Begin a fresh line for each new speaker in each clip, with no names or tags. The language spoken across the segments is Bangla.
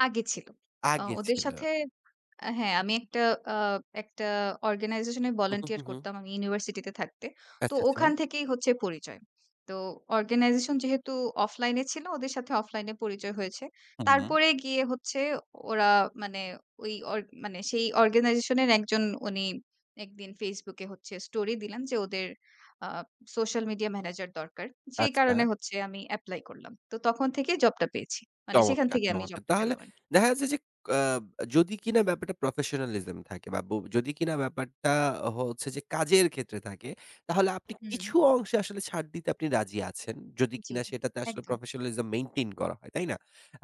আগে ছিল। আ
আগে
ওদের
ছিল।
সাথে আ হ্যাঁ, আমি একটা আ একটা organization এ
উহু,
volunteer
হু, হু।
করতাম আমি ইউনিভার্সিটিতে থাকতে। তো
আচ্ছা,
ওখান
আচ্ছা।
থেকেই হচ্ছে পরিচয়। তো organization যেহেতু offline এ ছিল ওদের সাথে offline এ পরিচয় হয়েছে।
হুম।
তারপরে গিয়ে হচ্ছে ওরা মানে ঐ ওর মানে সেই organization এর একজন উনি একদিন Facebook এ হচ্ছে স্টোরি দিলেন যে ওদের আ সোশ্যাল মিডিয়া ম্যানেজার দরকার। সেই
আচ্ছা।
কারণে হচ্ছে আমি এপ্লাই করলাম। তো তখন থেকে জবটা পেয়েছি। মানে সেখান
চমৎকার,
থেকেই আমি
চমৎকার!
জবটা
তাহলে
পেলাম আরকি।
দেখা যাচ্ছে যে কা যদি কিনা ব্যাপারটা professionalism থাকে বা ব যদি কিনা ব্যাপারটা হচ্ছে, যে কাজের ক্ষেত্রে থাকে তাহলে আপনি
হুম।
কিছু অংশে আসলে ছাড় দিতে আপনি রাজি আছেন। যদি
জি,
কিনা সেটাতে আসলে
একদম।
professionalism maintain করা হয়। তাই না?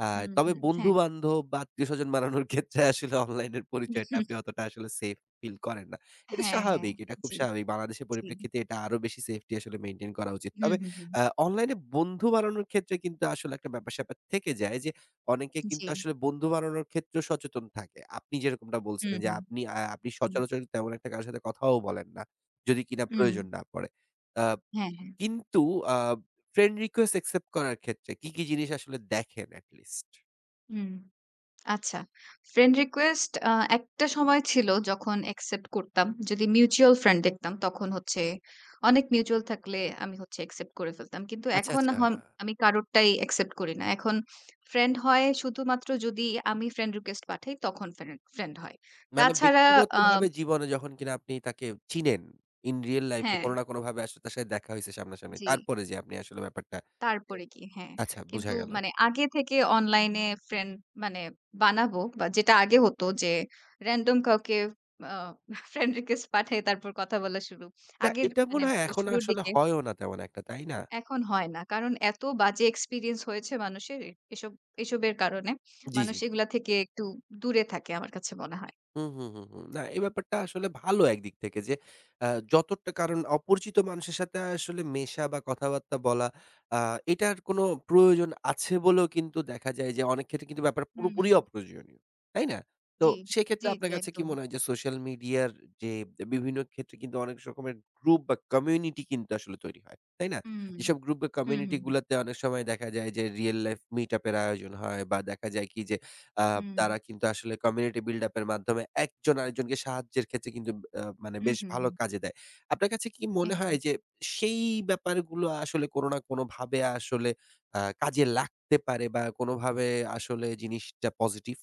আ
হুম,
তবে
হুম হ্যাঁ।
বন্ধু-বান্ধব বা আত্মীয়স্বজন বাড়ানোর ক্ষেত্রে আসলে অনলাইন পরিচয়টা। আপনি অতোটা আসলে সেফ ফিল করেন না। এটা
হ্যাঁ, হ্যাঁ
স্বাভাবিক এটা খুব
জি,
স্বাভাবিক। বাংলাদেশের
জি।
পরিপ্রেক্ষিতে এটা আরো বেশি সেফটি আসলে মেইনটেইন করা উচিত।
হুম,
তবে
হুম, হুম।
আ অনলাইন এ বন্ধু বানানোর ক্ষেত্রে কিন্তু আসলে একটা ব্যাপার-স্যাপার থেকে যায় যে অনেকে কিন্তু
জি।
আসলে বন্ধু বানানোর ক্ষেত্রেও সচেতন থাকে। আপনি যেরকমটা
হুম,
বলছিলেন যে
হুম,
আপনি আ আপনি
হুম।
সচরাচর তেমন একটা কারো সাথে কথাও বলেন না। যদি কিনা প্রয়োজন
উম
না পড়ে। আ
হ্যাঁ, হ্যাঁ।
কিন্তু আ ফ্রেন্ড রিকোয়েস্ট অ্যাকসেপ্ট করার ক্ষেত্রে কি, কি জিনিস আসলে দেখেন at least?
উম আচ্ছা। ফ্রেন্ড রিকোয়েস্ট আ একটা সময় ছিল যখন অ্যাকসেপ্ট করতাম। যদি মিউচুয়াল ফ্রেন্ড দেখতাম তখন হচ্ছে অনেক মিউচুয়াল থাকলে আমি হচ্ছে অ্যাকসেপ্ট করে ফেলতাম। কিন্তু
আচ্ছা,
এখন হম
আচ্ছা।
আমি কারোরটাই অ্যাকসেপ্ট করি না। এখন ফ্রেন্ড হয় শুধুমাত্র যদি আমি ফ্রেন্ড রিকোয়েস্ট পাঠাই তখন ফ্রেন্ড, ফ্রেন্ড হয়।
মানে
তাছাড়া আ
ব্যক্তিগতভাবে জীবনে যখন কিনা আপনি তাকে চিনেন in real life এ
হ্যাঁ।
কোন না কোন ভাবে আসলে তার সাথে দেখা হইছে সামনাসামনি।
জি।
তারপরে যেয়ে আপনি আসলে ব্যাপারটা
তারপরে গিয়ে? হ্যাঁ।
আচ্ছা বুঝা
কিন্তু
গেল।
মানে আগে থেকে অনলাইনে ফ্রেন্ড মানে বানাবো বা যেটা আগে হতো যে র‍্যান্ডম কাউকে আ ফ্রেন্ড রিকোয়েস্ট পাঠায় তারপর কথা বলা শুরু।
না
আগের
এটা মনে
মানে
হয় এখন
শুরুর
আসলে
দিকে
হয়ও না তেমন একটা তাই না?
এখন হয় না। কারণ এত বাজে এক্সপেরিয়েন্স হয়েছে মানুষের এসব, এসবের কারণে।
জি,
মানুষ
জি।
এগুলা থেকে একটু দূরে থাকে আমার কাছে মনে হয়।
হুম, হুম, হুম, হুম না এই ব্যাপারটা আসলে ভালো একদিক থেকে যে আ যতটা কারণ অপরিচিত মানুষের সাথে আসলে মেশা বা কথাবার্তা বলা আ এটার কোনো প্রয়োজন আছে বলেও কিন্তু দেখা যায় যে অনেক ক্ষেত্রে কিন্তু ব্যাপার
হুম,
পুরোপুরি
হুম।
অপ্রয়োজনীয়। তাই না? তো
জি,
সেক্ষেত্রে
জি,
আপনার
জি
কাছে কি
একদম।
মনে হয় যে সোশ্যাল মিডিয়া যে বিভিন্ন ক্ষেত্রে কিন্তু অনেক স রকমের গ্রুপ বা কমিউনিটি কিন্তু আসলে তৈরি হয়। তাই না?
হুম,
যেসব গ্রুপ বা
হুম,
কমিউনিটি
হুম, হুম।
গুলাতে অনেক সময় দেখা যায় যে রিয়াল লাইফ মিট আপ এর আয়োজন হয় বা দেখা যায় কি যে আ
হুম।
তারা কিন্তু আসলে community buildup এর মাধ্যমে একজন আরেকজনকে সাহায্যের ক্ষেত্রে কিন্তু ব্যা আ মানে
হুম,
বেশ
হুম,
ভালো
হুম।
কাজে দেয়। আপনার কাছে কি মনে হয়
একদম।
যে সেই ব্যাপারগুলো আসলে কোন না কোনভাবে আসলে আ কাজে লাগতে পারে বা কোনভাবে আসলে জিনিসটা পজিটিভ।